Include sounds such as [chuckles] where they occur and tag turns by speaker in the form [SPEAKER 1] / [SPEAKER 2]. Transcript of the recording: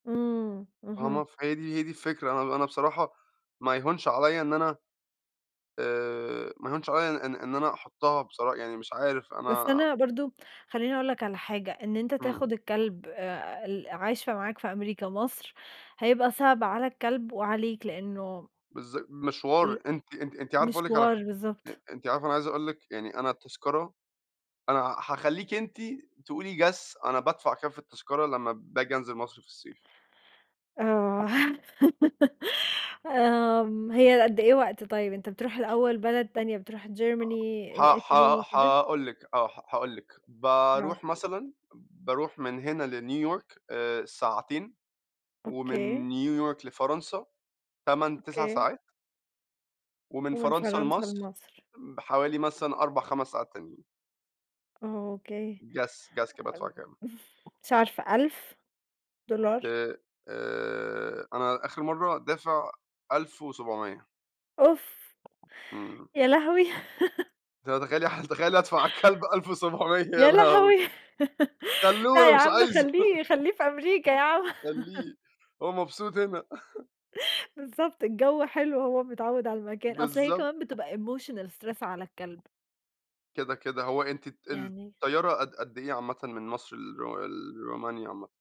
[SPEAKER 1] إمم،
[SPEAKER 2] آه،
[SPEAKER 1] اهم.
[SPEAKER 2] ما ف هي دي هي دي الفكرة آه، أنا أنا بصراحة ما يهونش عليّا إن أنا آآ، ما يهونش عليّا إن إن أن أحطها بصرا يعني مش عارف
[SPEAKER 1] بس
[SPEAKER 2] أنا
[SPEAKER 1] أنا برضه خلّيني أقول لك على حاجة إن أنت
[SPEAKER 2] إمم.
[SPEAKER 1] تاخد الكلب آآ، ال عايشة معاك في أمريكا مصر، هيبقى صعب على الكلب وعليك لأنه
[SPEAKER 2] بالظ
[SPEAKER 1] ال
[SPEAKER 2] مشوار، أنتِ أنتِ أنتِ عارفة أقُول لِك علي
[SPEAKER 1] مشوار،
[SPEAKER 2] ح أ
[SPEAKER 1] بالضبط.
[SPEAKER 2] أنتِ عارفة أنا عايز أقُول لِك يعني أنا التذكرة أنا هأخلّيكِ أنتِ تقولِي، guess، أنا بادفع كام في التذكرة لمّا بآجي أنزل مصر في الصيف؟
[SPEAKER 1] آه، [laughs] آمم، هي قد إيه وقت طيب؟ أنت بتروح الأول بلد تانية، بتروح Germany،
[SPEAKER 2] أ ح
[SPEAKER 1] آآ، Italy،
[SPEAKER 2] ح
[SPEAKER 1] كده؟
[SPEAKER 2] هاقُول لِك آه، ه هأقُول لِك
[SPEAKER 1] آه.
[SPEAKER 2] باروح مثلًا باروح من هنا لNew York آآ، ساعتين
[SPEAKER 1] أوكي.
[SPEAKER 2] ومن New York لفرنسا 8، 9
[SPEAKER 1] أوكي.
[SPEAKER 2] ساعات ومن
[SPEAKER 1] ومن
[SPEAKER 2] فرنسا
[SPEAKER 1] فرنسا
[SPEAKER 2] لمصر
[SPEAKER 1] لمصر.
[SPEAKER 2] م حوالي مثلًا 4، 5 ساعات تانيين.
[SPEAKER 1] أوكي،
[SPEAKER 2] Guess ،guess كده بأدفع
[SPEAKER 1] آمم،
[SPEAKER 2] كام؟
[SPEAKER 1] مش عارفة 1000$.
[SPEAKER 2] آآ، آآ، أنا آخر مَرّة دافع 1700.
[SPEAKER 1] أوف،
[SPEAKER 2] إمم.
[SPEAKER 1] يا لهوي! [laughs]
[SPEAKER 2] ده تخيلّي ح تخيلّي أدفع على الكلب 1700 يا
[SPEAKER 1] يا
[SPEAKER 2] لهوي!
[SPEAKER 1] لهوي! [laughs]
[SPEAKER 2] خلّوه
[SPEAKER 1] لأ،
[SPEAKER 2] أنا
[SPEAKER 1] يا
[SPEAKER 2] مش
[SPEAKER 1] عم
[SPEAKER 2] عايزه.
[SPEAKER 1] خلّيه خلّيه في أمريكا يا عم.
[SPEAKER 2] خاّيه
[SPEAKER 1] [chuckles]
[SPEAKER 2] هو مبسوط هنا. [chuckles]
[SPEAKER 1] بالضبط، الجو حلو وهو متعوّد على المكان. أصل هي
[SPEAKER 2] بالضبط.
[SPEAKER 1] كمان بتبقى emotional stress على الكلب.
[SPEAKER 2] كده كده، هوأنتِ الط
[SPEAKER 1] يعني
[SPEAKER 2] الطيارة قد قد إيه عامةً من مصر لر لرومانيا عامةً؟